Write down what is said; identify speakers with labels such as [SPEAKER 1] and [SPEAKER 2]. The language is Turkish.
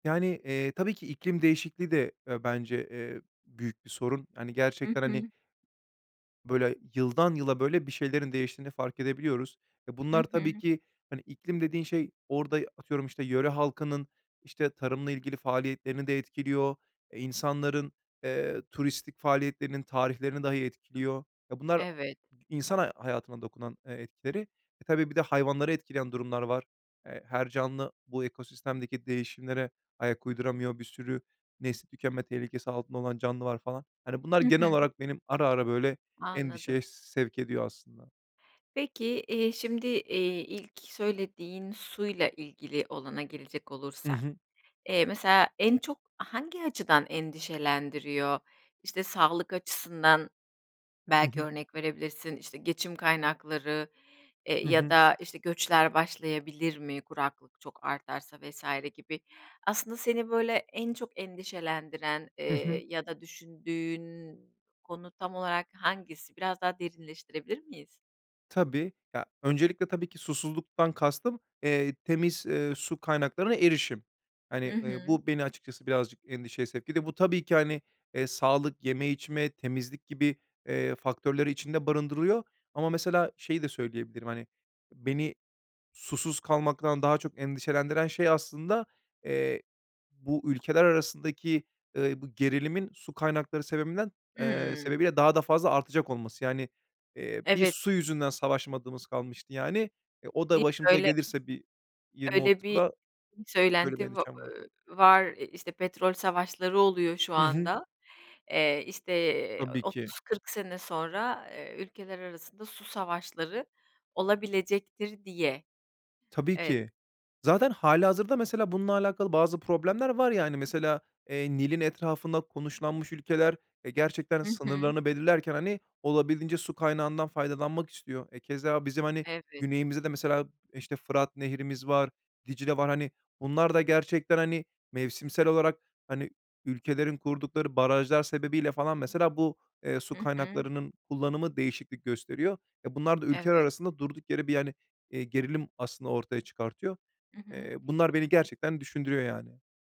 [SPEAKER 1] Yani, eee, tabii ki iklim değişikliği de, eee, bence, eee, büyük bir sorun. Hani
[SPEAKER 2] Hı
[SPEAKER 1] gerçekten hani
[SPEAKER 2] hı.
[SPEAKER 1] böyle yıldan yıla böyle bir şeylerin değiştiğini fark edebiliyoruz. Ve
[SPEAKER 2] Hı
[SPEAKER 1] bunlar tabii
[SPEAKER 2] hı.
[SPEAKER 1] ki, hani, iklim dediğin şey orada y atıyorum, işte, yöre halkının, işte, tarımla ilgili faaliyetlerini de etkiliyor, eee, insanların, eee, turistik faaliyetlerinin tarihlerini dahi etkiliyor. E, bunlar a
[SPEAKER 2] Evet.
[SPEAKER 1] i insan ha hayatına dokunan e etkileri. E, tabii bir de hayvanları etkileyen durumlar var. Eee, her canlı bu ekosistemdeki değişimlere ayak uyduramıyor. Bir sürü nesli tükenme tehlikesi altında olan canlı var falan. Hani bunlar
[SPEAKER 2] Hı hı.
[SPEAKER 1] genel olarak benim ara ara, böyle,
[SPEAKER 2] Anladım.
[SPEAKER 1] endişeye sevk ediyor aslında.
[SPEAKER 2] Peki, iii, şimdi, iii, ilk söylediğin suyla ilgili olana gelecek
[SPEAKER 1] Hı
[SPEAKER 2] olursak,
[SPEAKER 1] hı.
[SPEAKER 2] eee, mesela en çok hangi açıdan endişelendiriyor? İşte, sağlık açısından
[SPEAKER 1] Hı
[SPEAKER 2] belki
[SPEAKER 1] hı.
[SPEAKER 2] örnek verebilirsin, işte, geçim kaynakları, eee,
[SPEAKER 1] Hı
[SPEAKER 2] ya
[SPEAKER 1] hı.
[SPEAKER 2] da, işte, göçler başlayabilir mi, kuraklık çok artarsa vs. gibi. Aslında seni böyle en çok endişelendiren,
[SPEAKER 1] Hı hı.
[SPEAKER 2] eee, ya da düşündüğün konu tam olarak hangisi? Biraz daha derinleştirebilir miyiz?
[SPEAKER 1] Tabii. Ya, öncelikle tabii ki susuzluktan kastım, eee, temiz, eee, su kaynaklarına erişim.
[SPEAKER 2] Hı
[SPEAKER 1] Hani, eee,
[SPEAKER 2] hı.
[SPEAKER 1] bu beni açıkçası birazcık endişeye sevk etti. Bu tabii ki, hani, eee, sağlık, yeme içme, temizlik gibi, eee, faktörleri içinde barındırıyor. Ama mesela şeyi de söyleyebilirim, hani, beni susuz kalmaktan daha çok endişelendiren şey aslında, eee, bu ülkeler arasındaki, ııı, bu gerilimin su kaynakları sebebinden, eee,
[SPEAKER 2] Hımm.
[SPEAKER 1] sebebiyle daha da fazla artacak olması. Yani, eee, bir
[SPEAKER 2] Evet.
[SPEAKER 1] su yüzünden savaşmadığımız kalmıştı yani e, o da
[SPEAKER 2] Değil mi?
[SPEAKER 1] başımıza
[SPEAKER 2] Öyle
[SPEAKER 1] gelirse bir yirmi
[SPEAKER 2] Öyle
[SPEAKER 1] otuz
[SPEAKER 2] bir
[SPEAKER 1] yıla
[SPEAKER 2] bir
[SPEAKER 1] böyle bir
[SPEAKER 2] söylenti va
[SPEAKER 1] endişem var.
[SPEAKER 2] eee, var, eee, işte petrol savaşları oluyor şu
[SPEAKER 1] Hı hı.
[SPEAKER 2] anda, eee, işte, eee,
[SPEAKER 1] Tabii ki.
[SPEAKER 2] 30-40 sene sonra, eee, ülkeler arasında su savaşları olabilecektir diye.
[SPEAKER 1] Tabii
[SPEAKER 2] Evet.
[SPEAKER 1] ki. Zaten hâlihazırda mesela bununla alakalı bazı problemler var yani mesela, eee, Nil'in etrafında konuşlanmış ülkeler, eee, gerçekten
[SPEAKER 2] Hı hı.
[SPEAKER 1] sınırlarını belirlerken hani olabildiğince su kaynağından faydalanmak istiyor. E, keza bizim, hani,
[SPEAKER 2] Evet.
[SPEAKER 1] güneyimizde de mesela, işte, Fırat Nehri'miz var, Dicle var, hani, bunlar da gerçekten, hani, mevsimsel olarak, hani, ülkelerin kurdukları barajlar sebebiyle falan mesela bu, eee, su
[SPEAKER 2] Hı hı.
[SPEAKER 1] kaynaklarının kullanımı değişiklik gösteriyor. E, bunlar da ülkeler
[SPEAKER 2] Evet.
[SPEAKER 1] arasında durduk yere bir hani, iii, gerilim aslında ortaya çıkartıyor.
[SPEAKER 2] Hı hı.
[SPEAKER 1] Eee, bunlar beni gerçekten düşündürüyor yani.